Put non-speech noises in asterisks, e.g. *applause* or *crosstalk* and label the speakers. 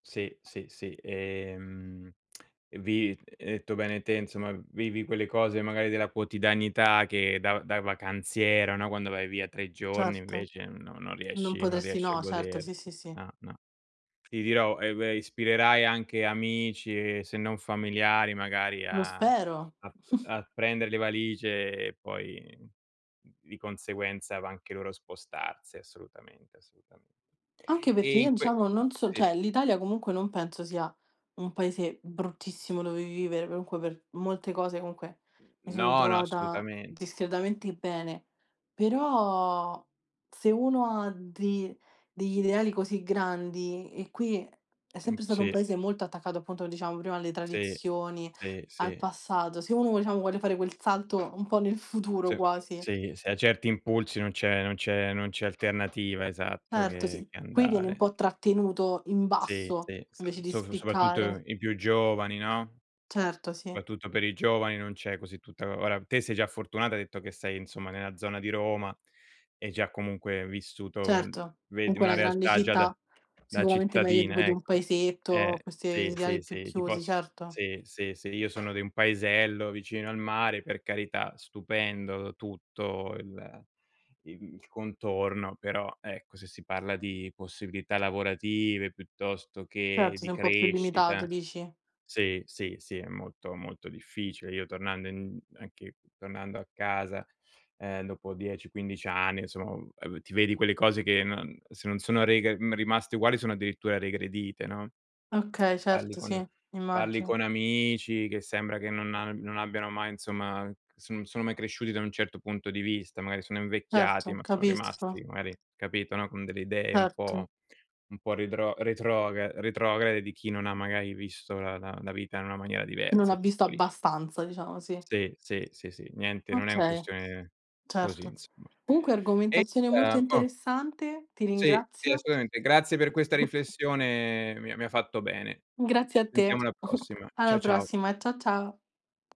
Speaker 1: Sì, sì, sì. E mhmm, *smacks lips* e vi hai detto bene te, insomma, vivi quelle cose magari della quotidianità, che da da vacanziera, no, quando vai via 3 giorni
Speaker 2: Certo,
Speaker 1: invece no, non
Speaker 2: non
Speaker 1: riesci non
Speaker 2: potresti
Speaker 1: riesci a
Speaker 2: no, certo,
Speaker 1: goder
Speaker 2: sì, sì, sì.
Speaker 1: ah, nah. Ti dirò, eh beh, ispirerai anche amici, se non familiari magari
Speaker 2: Lo
Speaker 1: a
Speaker 2: spero.
Speaker 1: a p
Speaker 2: *chuckles*
Speaker 1: a prendere le valigie, e poi di conseguenza va anche loro spostarsi, assolutamente assolutame
Speaker 2: Anche perché
Speaker 1: e in
Speaker 2: io,
Speaker 1: que
Speaker 2: diciamo, non so
Speaker 1: sì.
Speaker 2: cioè, l'Italia comunque, non penso sia un paese bruttissimo dove vivere, comunque per molte cose, comunque, mi sono
Speaker 1: No, no
Speaker 2: trovata
Speaker 1: assolutamen
Speaker 2: discretamente bene, però, se uno ha de degli ideali così grandi, e qui è
Speaker 1: Mh,
Speaker 2: sempre stato un
Speaker 1: sì.
Speaker 2: paese molto attaccato, appunto, diciamo prima alle
Speaker 1: Sì,
Speaker 2: tradizioni,
Speaker 1: sì,
Speaker 2: al
Speaker 1: sì.
Speaker 2: passato, se uno, diciamo, vuole fare quel salto un po' nel futuro
Speaker 1: Sì,
Speaker 2: quasi.
Speaker 1: sì, s a certi impulsi, non c'è non c'è non c'è alternativa, esatto,
Speaker 2: Certo, s
Speaker 1: che che
Speaker 2: qui vieni un
Speaker 1: andare.
Speaker 2: po' trattenuto in
Speaker 1: Sì,
Speaker 2: basso
Speaker 1: sì, so
Speaker 2: invece di
Speaker 1: sop
Speaker 2: spiccare.
Speaker 1: soprattutto i più giovani, no,
Speaker 2: Certo, sì.
Speaker 1: soprattutto per i giovani non c'è così tutta ora, te sei già fortunata, hai detto che sei, insomma, nella zona di Roma, e hai già comunque vissuto uhm,
Speaker 2: Certo,
Speaker 1: vedi
Speaker 2: comunque è
Speaker 1: una
Speaker 2: una grande
Speaker 1: realtà già da
Speaker 2: città,
Speaker 1: da
Speaker 2: sicuramente meglio tipo
Speaker 1: cittadina,
Speaker 2: di un
Speaker 1: ecco. Eh,
Speaker 2: paesetto, queste
Speaker 1: sì, sì,
Speaker 2: ideali più
Speaker 1: sì ti
Speaker 2: chiusi,
Speaker 1: poss
Speaker 2: certo.
Speaker 1: sì, sì, sì, io sono di un paesello vicino al mare, per carità, stupendo tutto il il il contorno, però ecco, se si parla di possibilità lavorative, piuttosto che
Speaker 2: Certo,
Speaker 1: di
Speaker 2: sei un po' più limitato,
Speaker 1: crescita
Speaker 2: dici?
Speaker 1: sì, sì, sì, è molto, molto difficile. Io tornando in anche tornando a casa ehm, dopo 10, 15 anni, insomma, uhm, ehm, ti vedi quelle cose che non se non sono rega mhmm, rimaste uguali, sono addirittura regredite, no,
Speaker 2: Okay,
Speaker 1: *smacks lips* parli
Speaker 2: certo,
Speaker 1: con
Speaker 2: sì,
Speaker 1: parli
Speaker 2: immagino.
Speaker 1: con amici, che sembra che non a non abbiano mai insomma, son sono mai cresciuti, da un certo punto di vista, magari sono invecchiati,
Speaker 2: Certo,
Speaker 1: ma sono rimasti
Speaker 2: capisco.
Speaker 1: magari, capito, no, con delle idee un
Speaker 2: Certo.
Speaker 1: po' un po' redro retrogra retrograde, di chi non ha, magari, visto la la la vita in una maniera
Speaker 2: Non ha
Speaker 1: diversa,
Speaker 2: visto
Speaker 1: tutto lì.
Speaker 2: abbastanza diciamo, sì.
Speaker 1: Sì, sì, sì, sì, niente, non è un
Speaker 2: Okay,
Speaker 1: questione così
Speaker 2: certo.
Speaker 1: insomma.
Speaker 2: Comunque
Speaker 1: E
Speaker 2: argomentazione molto
Speaker 1: *unintelligible* oh.
Speaker 2: interessante. Ti
Speaker 1: Sì, sì,
Speaker 2: ringrazio.
Speaker 1: assolutamente. Grazie per questa riflessione, mi ha mi ha fatto bene.
Speaker 2: Grazie
Speaker 1: Ci
Speaker 2: a te.
Speaker 1: sentiamo alla
Speaker 2: *giggles*
Speaker 1: prossima.
Speaker 2: Alla
Speaker 1: Ciao, ciao.
Speaker 2: prossima. Ciao, ciao.